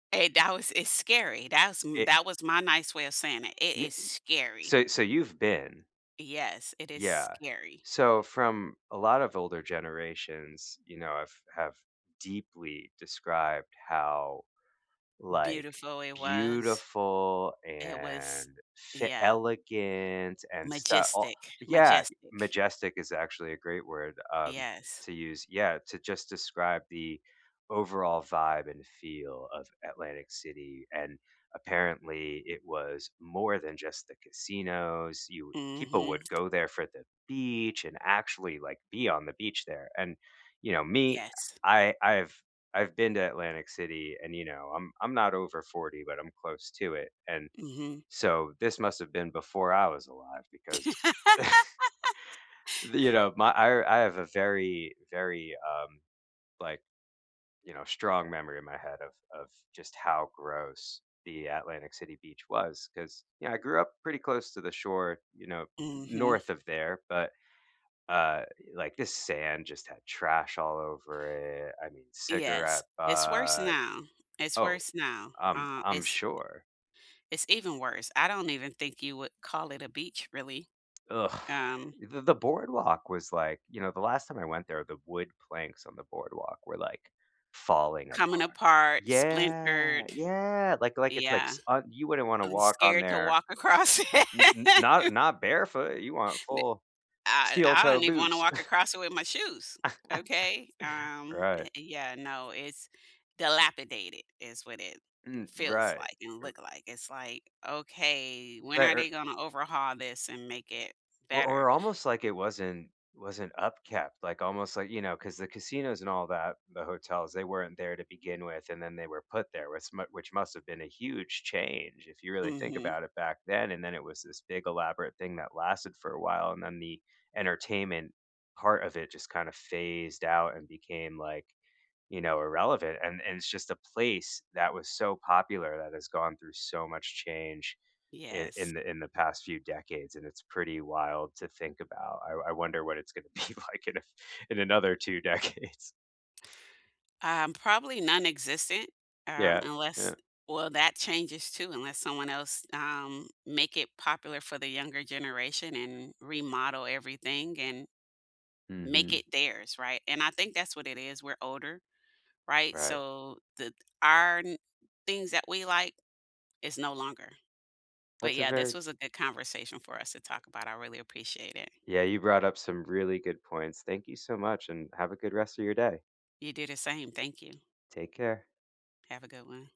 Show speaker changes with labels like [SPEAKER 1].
[SPEAKER 1] Hey, that was it's scary. That's sm
[SPEAKER 2] It
[SPEAKER 1] that was my nice way of saying it, it
[SPEAKER 2] Yeah,
[SPEAKER 1] is
[SPEAKER 2] eh
[SPEAKER 1] scary.
[SPEAKER 2] so so you've been
[SPEAKER 1] Yes, it is
[SPEAKER 2] Yeah.
[SPEAKER 1] scary.
[SPEAKER 2] So from a lot of older generations, you know have have deeply described how, like,
[SPEAKER 1] Beautiful it was.
[SPEAKER 2] beautiful
[SPEAKER 1] It
[SPEAKER 2] and
[SPEAKER 1] was
[SPEAKER 2] she
[SPEAKER 1] Yeah.
[SPEAKER 2] elegant and stuff o
[SPEAKER 1] Majestic
[SPEAKER 2] Yeah,
[SPEAKER 1] majestic.
[SPEAKER 2] majestic is actually a great word, um,
[SPEAKER 1] Yes.
[SPEAKER 2] to use, yeah, to just describe the overall vibe and feel of Atlantic City and, apparently, it was more than just the casinos, you people
[SPEAKER 1] Mhm.
[SPEAKER 2] would go there for the beach and actually, like, be on the beach there, and, you know, me,
[SPEAKER 1] Yes.
[SPEAKER 2] I I've I've been to Atlantic City and, you know, I'm I'm not over 40, but I'm close to it and
[SPEAKER 1] Mhm.
[SPEAKER 2] so this must have been before I was alive because the you know, my I I have a very, very, um, like, you know, strong memory in my head of of just how gross the Atlantic City Beach was 'cause, you know, I grew up pretty close to the shore, you know, n
[SPEAKER 1] Mhm.
[SPEAKER 2] north of there, but, uh, like, this sand just had trash all over it, I mean,
[SPEAKER 1] Yes.
[SPEAKER 2] cigarette
[SPEAKER 1] It's worse
[SPEAKER 2] butt
[SPEAKER 1] now. It's
[SPEAKER 2] Oh,
[SPEAKER 1] worse now.
[SPEAKER 2] I'm
[SPEAKER 1] Uh,
[SPEAKER 2] I'm
[SPEAKER 1] it's
[SPEAKER 2] sure.
[SPEAKER 1] it's even worse. I don't even think you would call it a beach, really.
[SPEAKER 2] Eugh!
[SPEAKER 1] Um
[SPEAKER 2] The the boardwalk was, like you know, the last time I went there, the wood planks on the boardwalk were, like, falling
[SPEAKER 1] Coming
[SPEAKER 2] apart.
[SPEAKER 1] apart, splintered.
[SPEAKER 2] Yeah, yeah, like like it's like
[SPEAKER 1] Yeah.
[SPEAKER 2] s and you wouldn't wanna
[SPEAKER 1] I'm
[SPEAKER 2] walk on
[SPEAKER 1] scared to
[SPEAKER 2] there.
[SPEAKER 1] walk across
[SPEAKER 2] N n not
[SPEAKER 1] it.
[SPEAKER 2] not barefoot, you want
[SPEAKER 1] N
[SPEAKER 2] full
[SPEAKER 1] I e
[SPEAKER 2] steel
[SPEAKER 1] I
[SPEAKER 2] toe
[SPEAKER 1] don't even wanna
[SPEAKER 2] boots.
[SPEAKER 1] walk across it with my shoes. Okay, um,
[SPEAKER 2] Right.
[SPEAKER 1] eh, yeah, no, it's dilapidated, is what it
[SPEAKER 2] Mm.
[SPEAKER 1] feels
[SPEAKER 2] Right.
[SPEAKER 1] like and
[SPEAKER 2] R
[SPEAKER 1] look like. It's like, "Okay, when
[SPEAKER 2] Right,
[SPEAKER 1] are they
[SPEAKER 2] er
[SPEAKER 1] gonna overhaul this and make it
[SPEAKER 2] Or
[SPEAKER 1] better?"
[SPEAKER 2] or almost like it wasn't wasn't upkept, like, almost like, you know 'cause the casinos and all that, the hotels, they weren't there to begin with, and then they were put there, which mu which must have been a huge change if you really think
[SPEAKER 1] Mhm.
[SPEAKER 2] about it back then, and then it was this big elaborate thing that lasted for a while, and then the entertainment part of it just kinda phased out and became like, you know, irrelevant and and it's just a place that was so popular that has gone through so much change i
[SPEAKER 1] Yes.
[SPEAKER 2] in the in the past few decades and it's pretty wild to think about. I I wonder what it's gonna be like in a in another 2 decades.
[SPEAKER 1] Um, probably nonexistent, um,
[SPEAKER 2] Yeah,
[SPEAKER 1] unless
[SPEAKER 2] eh
[SPEAKER 1] well, that changes too, unless someone else, um, make it popular for the younger generation and remodel everything and make
[SPEAKER 2] Mhm.
[SPEAKER 1] it theirs, right? And I think that's what it is. We're older, right?
[SPEAKER 2] Right.
[SPEAKER 1] So the our n things that we like is no longer. But,
[SPEAKER 2] That's a
[SPEAKER 1] yeah, this
[SPEAKER 2] very
[SPEAKER 1] was a good conversation for us to talk about, I really appreciate it.
[SPEAKER 2] Yeah, you brought up some really good points. Thank you so much, and have a good rest of your day.
[SPEAKER 1] You do the same, thank you.
[SPEAKER 2] Take care.
[SPEAKER 1] Have a good one.